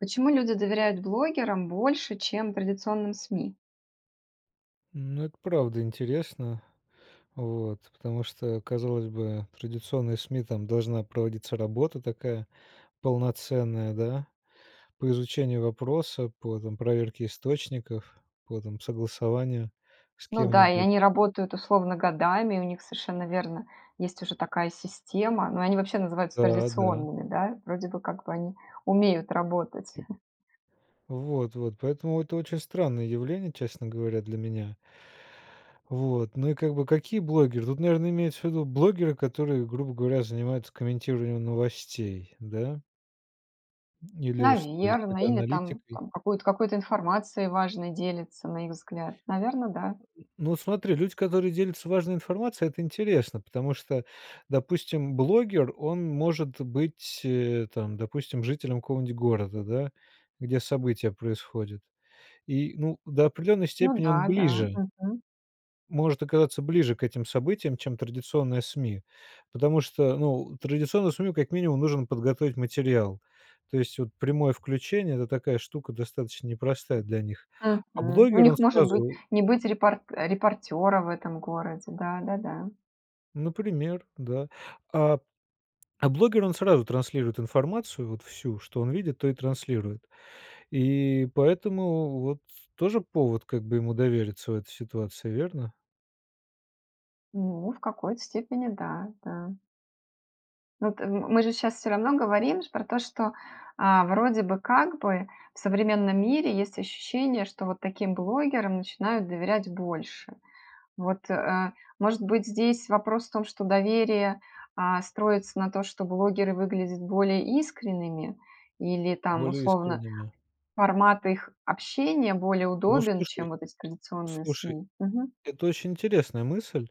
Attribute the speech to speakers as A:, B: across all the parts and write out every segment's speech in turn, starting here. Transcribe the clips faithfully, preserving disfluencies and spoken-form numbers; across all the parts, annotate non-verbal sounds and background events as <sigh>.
A: Почему люди доверяют блогерам больше, чем традиционным СМИ?
B: Ну, это правда интересно. Вот, потому что, казалось бы, традиционные СМИ- там должна проводиться работа такая полноценная, да, по изучению вопроса, по, там, проверке источников, по, там, согласованию с
A: Ну да, и
B: кем-нибудь.
A: они работают, условно, годами, и у них, совершенно верно, есть уже такая система. Но они вообще называются
B: Да, да.
A: традиционными, да. Вроде бы, как бы, они умеют работать. <chuckles>
B: Вот вот поэтому это очень странное явление, честно говоря, для меня. Вот. Ну и как бы какие блогеры? Тут, наверное, имеется в виду блогеры, которые, грубо говоря, занимаются комментированием новостей, да. Или что,
A: Наверное.
B: какой-то
A: Или там
B: аналитикой.
A: там какую-то какой-то информацией важной делится, на их взгляд. Наверное, да.
B: Ну смотри, люди, которые делятся важной информацией,- это интересно, потому что, допустим, блогер, он может быть, э, там, допустим, жителем какого-нибудь города, да, где события происходят. И, ну, до определенной
A: Ну
B: степени он
A: да, да.
B: ближе
A: Мгм.
B: может оказаться ближе к этим событиям, чем традиционное СМИ. Потому что, ну, традиционному СМИ, как минимум, нужно подготовить материал. То есть, вот, прямое включение- это такая штука достаточно непростая для них. А
A: Мгм. У
B: блогер- он
A: них может быть
B: сразу
A: не быть репор репортера в этом городе. Да-да-да.
B: Например, да. А, а блогер он сразу транслирует информацию, вот всю, что он видит, то и транслирует. И поэтому вот с тоже повод как бы ему довериться в этой ситуации, верно?
A: Ну, в какой-то степени да, да. Ну, это, мы же сейчас всё равно говорим про то, что, э, вроде бы как бы в современном мире есть ощущение, что вот таким блогерам начинают доверять больше. Вот, э, может быть, здесь вопрос в том, что доверие, э, строится на том, что блогеры выглядят более искренними? Или там,
B: Более
A: условно,
B: искренним, да.
A: формат их общения более
B: Ну,
A: удобен, чем
B: слушай.
A: вот эти традиционные
B: Слушай,
A: СМИ? Мгм.
B: это очень интересная мысль,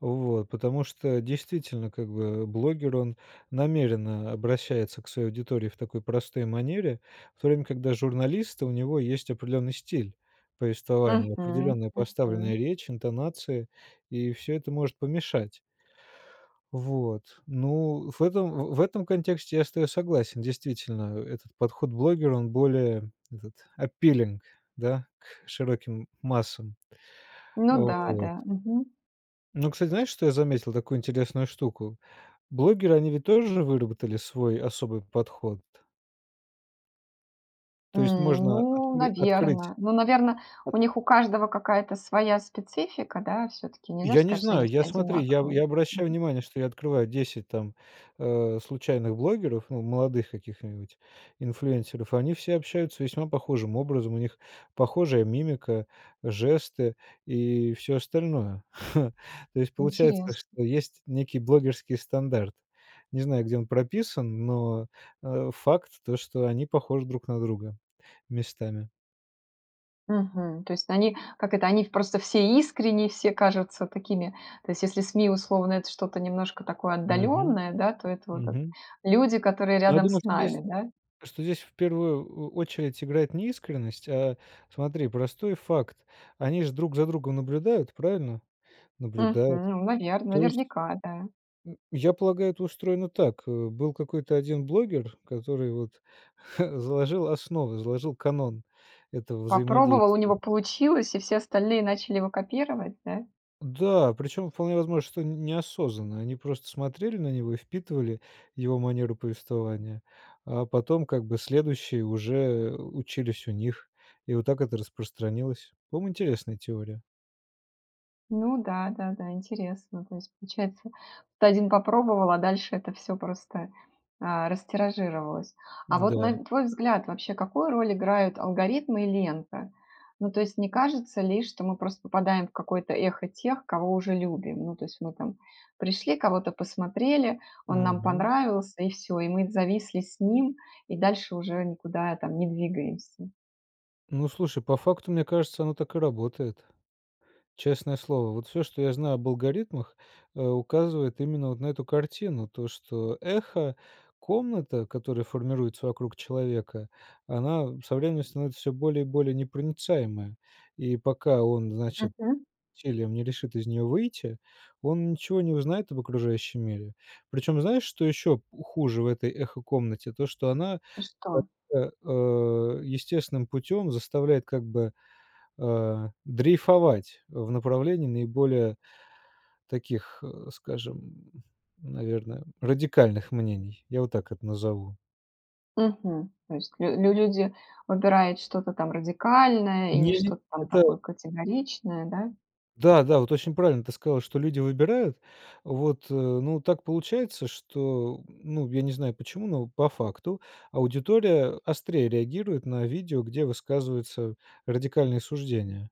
B: вот. Потому что действительно, как бы, блогер, он намеренно обращается к своей аудитории в такой простой манере. В то время когда журналист, у него есть определенный стиль повествования,
A: Мгм.
B: определенная поставленная
A: Мгм.
B: речь, интонации, и всё это может помешать. Вот, ну, в этом, в в этом контексте я с тобой согласен. Действительно, этот подход блогера, он более вот этот appealing, да, к широким массам.
A: Ну да,
B: Вот.
A: да. Мгм.
B: Но, кстати, знаешь, что я заметил, такую интересную штуку: блогеры, они ведь тоже выработали свой особый подход.
A: М,
B: То есть можно
A: ну,
B: откры открыть.
A: наверно. Ну, наверно, у них у каждого какая-то своя специфика, да, всё-таки нельзя же
B: Я не
A: сказать, что они
B: знаю,
A: все
B: я, смотри, я
A: одинаковые?
B: я
A: Мгм.
B: обращаю внимание, что я открываю десять там, а, случайных блогеров, ну, молодых каких-нибудь инфлюэнсеров. Они все общаются весьма похожим образом, у них похожая мимика, жесты и всё остальное. <chuckles> То есть получается,
A: Интересно.
B: что есть некий блогерский стандарт. Не знаю, где он прописан, но, э, факт то, что они похожи друг на друга местами.
A: Мгм. То есть они, как это, они в просто все искренние, все кажутся такими То есть если СМИ, условно, это что-то немножко такое
B: Мгм,
A: отдалённое, да, то это вот это
B: мгм.
A: люди, которые
B: Но я
A: рядом
B: думаю,
A: с
B: что здесь
A: нами, да?
B: что здесь в первую о очередь играет не искренность, а, смотри, простой факт. Они же друг за другом наблюдают, правильно?
A: Мгм,
B: Наблюдают.
A: ну, наверно,
B: То есть
A: наверняка, да.
B: м, я полагаю, это устроено так: э, был какой-то один блогер, который вот, ха, заложил основы, заложил канон этого
A: Попробовал, у
B: взаимодействия.
A: него получилось, и все остальные начали его копировать, да?
B: Да, причем вполне возможно, что неосознанно, они просто смотрели на него и впитывали его манеру повествования. А потом, как бы, следующие уже, э, учились у них, и вот так это распространилось. По-моему, интересная теория.
A: Ну да-да-да, интересно. То есть получается, то один попробовал, а дальше это всё просто, а, растиражировалось. А вот
B: Да.
A: на твой взгляд, вообще какую роль играют алгоритмы и лента? Ну, то есть не кажется ли, что мы просто попадаем в какое-то эхо тех, кого уже любим? Ну, то есть мы там пришли, кого-то посмотрели, он нам
B: Мгм.
A: понравился- и всё. И мы зависли с ним, и дальше уже никуда там не двигаемся.
B: Ну, слушай, по факту, мне кажется, оно так и работает. Честное слово, вот всё, что я знаю об алгоритмах, э, указывает именно вот на эту картину. То, что эхо-комната, которая формируется вокруг человека, она со временем становится всё более и более непроницаемая. И пока он, значит,
A: Мгм.
B: усилием не решит из нее выйти, он ничего не узнает об окружающем мире. Причем знаешь, что еще х хуже в этой эхо-комнате- то, что она,
A: Что?
B: э, естественным путем заставляет, как бы, а, дрейфовать в направлении наиболее таких, <grunts> скажем, наверно, радикальных мнений. Я вот так это назову.
A: Мгм. То есть лю лю люди выбирают что-то там радикальное или
B: Не-не,
A: что-то там
B: это
A: такое категоричное, да?
B: Да-да, вот очень правильно ты сказала, что люди выбирают, вот, ну, так получается, что, ну, я не знаю почему, но по факту аудитория острее реагирует на видео, где высказываются радикальные суждения.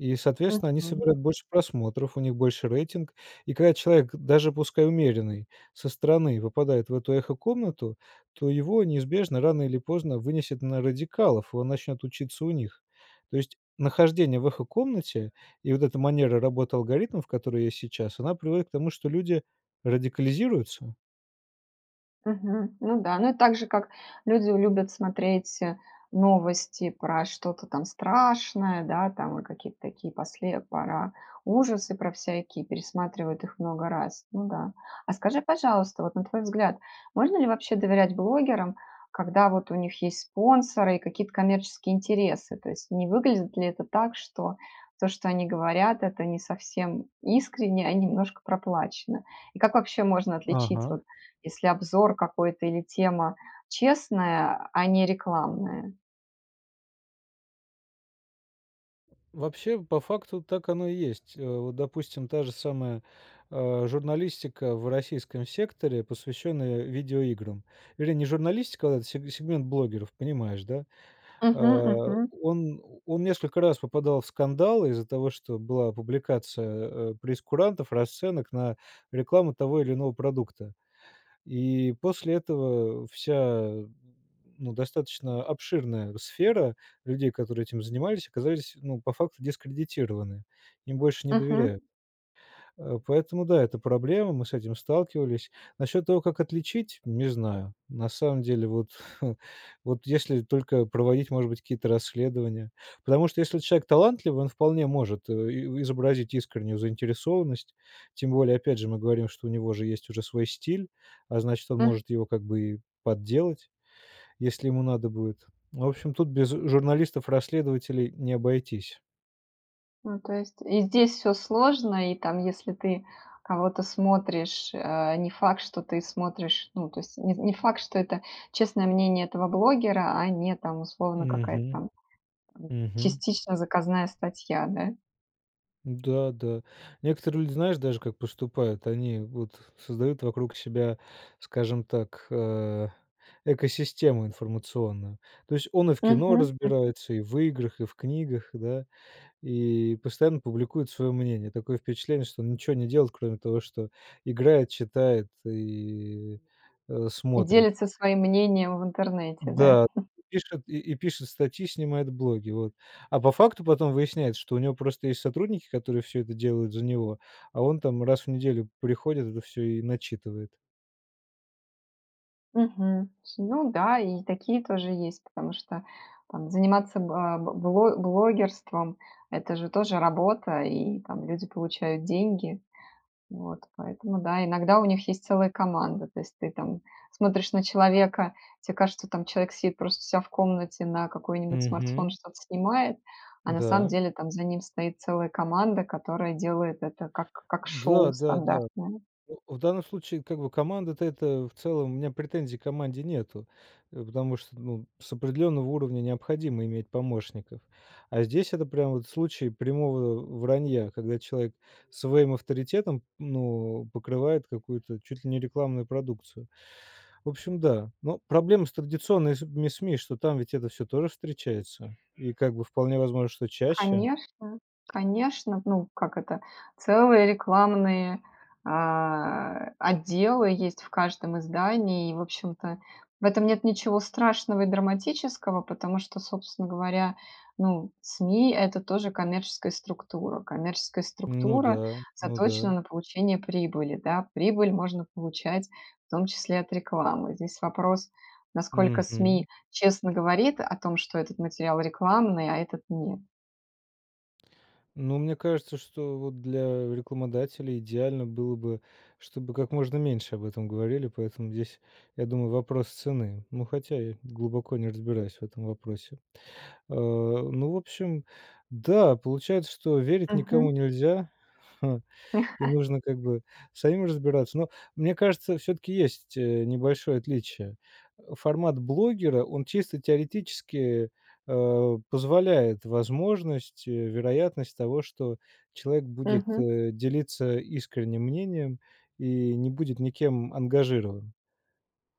B: И, соответственно, они
A: Мгм.
B: собирают больше просмотров, у них больше рейтинг, и когда человек, даже пускай умеренный со стороны, выпадает в эту эхо-комнату, то его неизбежно рано или поздно вынесет на радикалов, он начнет учиться у них. То есть нахождение в эхо-комнате и вот эта манера работы алгоритмов, которые есть сейчас, она приводит к тому, что люди радикализируются.
A: Мгм, ну да. Ну, это так же, как люди любят смотреть, э, новости про что-то там страшное, да, там во какие-то такие после пора ужасы про всякие пересматривают их много раз, ну да. А, скажи, пожалуйста, вот, на твой взгляд, можно ли вообще доверять блогерам, когда вот у них есть спонсоры и какие-то коммерческие интересы? То есть не выглядит ли это так, что то, что они говорят,- это не совсем искренне и немножко проплачено? И как вообще можно отличить,
B: Ага.
A: вот, если обзор какой-то или тема честная, а не рекламная?
B: Вообще, по факту так оно и есть. Э, вот допустим та же самая, а, журналистика в российском секторе, посвященная видеоиграм. Вернее, не журналистика, а сег сегмент блогеров, понимаешь, да? Да.
A: Мгм,
B: А
A: мгм.
B: он он несколько раз попадал в скандал из-за того, что была публикация, э, прейскурантов, расценок на рекламу того или иного продукта. И после этого вся, ну, достаточно обширная сфера людей, которые этим занимались, оказались, ну, по факту дискредитированы, им больше не
A: Мгм.
B: доверяют. А поэтому да, это проблема, мы с этим сталкивались. Насчёт того, как отличить, не знаю. На самом деле вот, вот <chuckles> если только проводить, может быть, какие-то расследования. Потому что если человек талантливый, он вполне может и изобразить искреннюю заинтересованность, тем более, опять же, мы говорим, что у него же есть уже свой стиль, а значит, он
A: М.
B: может его как бы и подделать, если ему надо будет. В общем, тут без журналистов-расследователей не обойтись.
A: Ну, то есть и здесь всё сложно, и там, если ты кого-то смотришь, э, не факт, что ты смотришь, ну, то есть не не факт, что это честное мнение этого блогера, а не там, условно, какая-то
B: Мгм.
A: там <unintelligible>
B: Мгм.
A: частично заказная статья, да?
B: Да, да. Некоторые люди, знаешь, даже как поступают: они вот создают вокруг себя, скажем так, э, экосистему информационную. То есть он и в кино
A: Мгм, мгм.
B: разбирается, и в играх, и в книгах, да, и постоянно публикует свое мнение. Такое впечатление, что он ничего не делает, кроме того, что играет, читает и, а,
A: И
B: смотрит.
A: делится своим мнением в интернете, да?
B: Да.
A: <chuckles>
B: И пишет и и пишет статьи, снимает блоги, вот. А по факту потом выясняется, что у него просто есть сотрудники, которые всё это делают за него, а он там раз в неделю приходит, это всё и начитывает.
A: Мгм. Ну да, и такие тоже есть, потому что там заниматься ба б бло блогерством- это же тоже работа, и там люди получают деньги. Вот, поэтому, да, иногда у них есть целая команда, то есть ты там смотришь на человека, тебе кажется, там человек сидит просто у ся в комнате на какой-нибудь смартфон
B: Мгм.
A: что-то снимает, а на самом
B: Да.
A: деле там за ним стоит целая команда, которая делает это как как шоу
B: Да-да-да.
A: стандартное.
B: О, в данном случае, как бы, команда-то, это в целом, у меня претензий к команде нету. Э, потому что, ну, с определенного уровня необходимо иметь помощников. А здесь это прям вот случай прямого вранья, когда человек своим авторитетом, ну, покрывает какую-то чуть ли не рекламную продукцию. В общем, да. Ну, проблема с традиционными с СМИ, что там ведь это всё тоже встречается и, как бы, вполне возможно, что чаще.
A: Конечно, конечно, ну как это, целые рекламные, а, отделы есть в каждом издании и, в общем-то, в этом нет ничего страшного и драматического, потому что, собственно говоря, ну, СМИ- это тоже коммерческая структура. Коммерческая
B: Ну
A: структура
B: да. Ну
A: заточена
B: да.
A: на получение прибыли, да. Прибыль можно получать в том числе от рекламы. Здесь вопрос, насколько СМИ
B: Мгм.
A: честно говорит о том, что этот материал рекламный, а этот нет.
B: Ну, мне кажется, что вот для рекламодателей идеально было бы, чтобы как можно меньше об этом говорили, поэтому здесь, я думаю, вопрос цены, но, хотя я глубоко не разбираюсь в этом вопросе. А, ну, в общем, да, получается, что верить
A: Мгм.
B: никому нельзя, ха, и
A: <chuckles>
B: нужно, как бы, самим разбираться. Но мне кажется, всё-таки есть, э, небольшое отличие. Э, формат блогера- он чисто теоретически, а, позволяет возможность и вероятность того, что человек будет,
A: Мгм.
B: э, делиться искренним мнением и не будет никем ангажирован.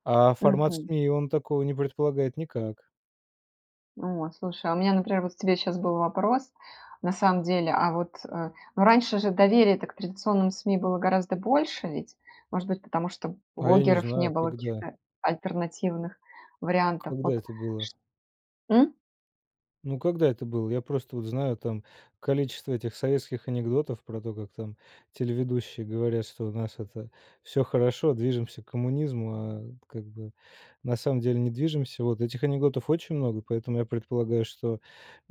B: А формат
A: Мгм.
B: СМИ- он такого не предполагает никак.
A: О, слушай, а у меня, например, вот к тебе щас был вопрос, на самом деле, а вот, э, ну, раньше же доверия-то к традиционным СМИ было гораздо больше, ведь? Может быть, потому что
B: А я не
A: блогеров не
B: знаю,
A: было,
B: когда?
A: каких-то альтернативных вариантов.
B: Когда
A: Вот
B: это было?
A: чт м?
B: Ну, когда это было? Я просто вот знаю там количество этих советских анекдотов про то, как там телеведущие говорят, что у нас это всё хорошо, движемся к коммунизму, а как бы на самом деле не движемся. Вот этих анекдотов очень много, поэтому я предполагаю, что, э,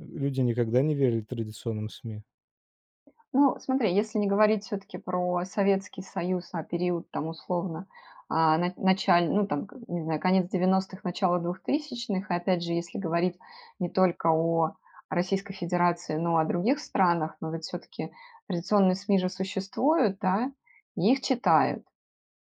B: люди никогда не верили традиционным СМИ.
A: Ну, смотри, если не говорить всё-таки про Советский Союз, а период, там, условно, а на началь ну, там, к не знаю, конец девяностых- начало двухтысячных. И опять же, если говорить не только о Российской Федерации, но о других странах, но ведь всё-таки традиционные СМИ же существуют, да? И их читают.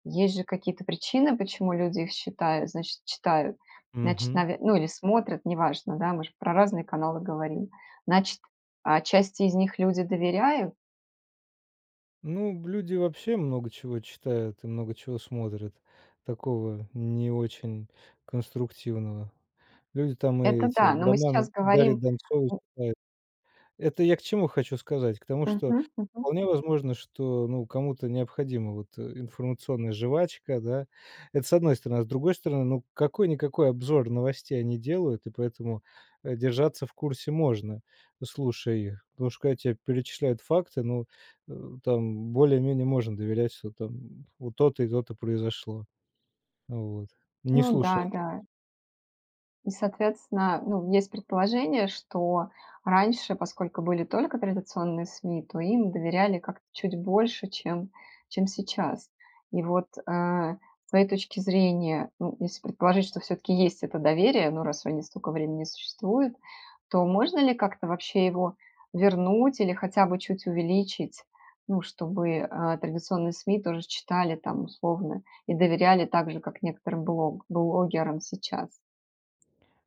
A: Есть же какие-то причины, почему люди их считают значит, читают, значит,
B: Мгм.
A: наве ну, или смотрят, неважно, да, мы ж про разные каналы говорим. Значит, а, часть из них люди доверяют?
B: Ну, б люди вообще много чего читают и много чего смотрят такого не очень конструктивного. Люди там и
A: Это
B: эти
A: да. Но мы
B: романы
A: сейчас
B: Дарьи
A: говорим,
B: Донцовой
A: ну
B: читают. Это я к чему хочу сказать? К тому, что
A: Мгм, мгм.
B: вполне возможно, что, ну, кому-то необходима вот, э, информационная жвачка, да? Это с одной стороны. А с другой стороны, ну, какой-никакой обзор новостей они делают, и поэтому, э, держаться в курсе можно, ну, слушая их. Потому что когда те перечисляют факты, ну, э, там более-менее можно доверять, что там вот то-то и то-то произошло. Вот. Не
A: Ну да,
B: слушай это
A: да. И, соответственно, ну, есть предположение, что раньше, поскольку были только традиционные СМИ, то им доверяли как-то чуть больше, чем чем сейчас. И вот, а, с твоей точки зрения, ну, если предположить, что всё-таки есть это доверие, ну, раз они столько времени существуют, то можно ли как-то вообще его вернуть или хотя бы чуть увеличить, ну, чтобы, а, традиционные СМИ тоже читали, там, условно, и доверяли так же, как некоторым блог блогерам сейчас?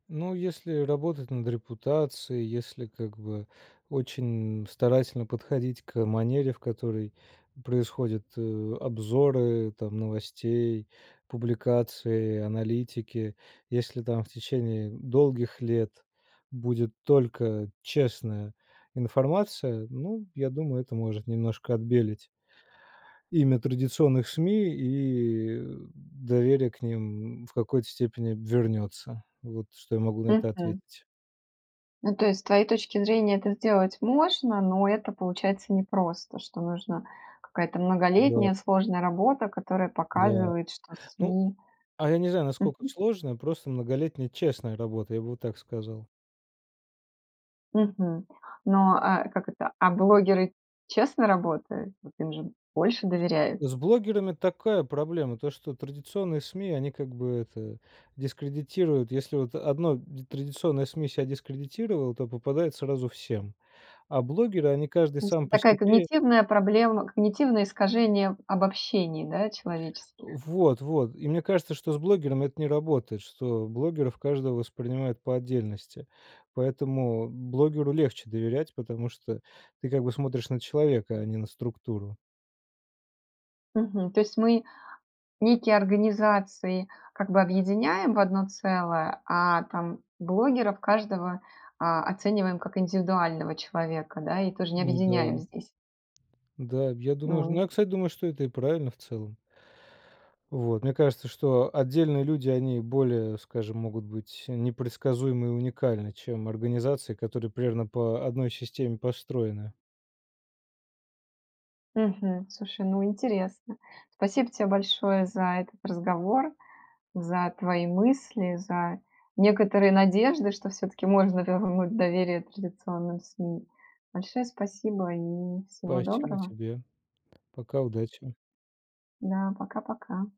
B: Но если работать над репутацией, если, как бы, очень старательно подходить к манере, в которой происходят, э, обзоры там новостей, публикации, аналитики. Если там в течение долгих лет будет только честная информация, ну, я думаю, это может немножко отбелить имя традиционных СМИ и доверие к ним в какой-то степени вернётся. Вот что я могу на это
A: Мгм.
B: ответить.
A: Ну, то есть с твоей точки зрения это сделать можно, но это получается непросто, что нужна какая-то
B: Да.
A: многолетняя сложная работа, которая
B: Да.
A: показывает, что
B: Ну,
A: СМИ
B: а я не знаю, насколько
A: Мгм.
B: сложная, просто многолетняя честная работа, я бы вот так сказал.
A: Мгм. Ну, а как это, а блогеры честно работают? Вот им же больше доверяют.
B: С блогерами такая проблема, то что традиционные СМИ они, как бы это, дискредитируют. Если вот одно д традиционное СМИ ся дискредитировало, то попадает сразу всем, а блогеры, они каждый
A: То есть
B: сам по
A: такая
B: себе.
A: когнитивная проблема когнитивное искажение обобщений, да, человеческих.
B: Вот вот! И мне кажется, что с блогерами это не работает, что блогеров каждого воспринимают по отдельности. Поэтому блогеру легче доверять, потому что ты как бы смотришь на человека, а не на структуру.
A: Мгм. То есть мы некие организации как бы объединяем в одно целое, а там блогеров каждого, а, оцениваем как индивидуального человека, да, и тоже не
B: Ну
A: объединяем
B: да.
A: здесь?
B: Да, я думаю
A: М.
B: ну, я, кстати, думаю, что это и правильно в целом. Вот, мне кажется, что отдельные люди, они, более, скажем, могут быть непредсказуемы и уникальны, чем организации, которые примерно по одной системе построены.
A: Мгм. Слушай, ну, интересно. Спасибо тебе большое за этот разговор, за твои мысли, за некоторые надежды, что всё-таки можно вернуть доверие традиционным СМИ. Большое спасибо и всего
B: Спасибо
A: доброго!
B: тебе! Пока, удачи!
A: Да, пока-пока.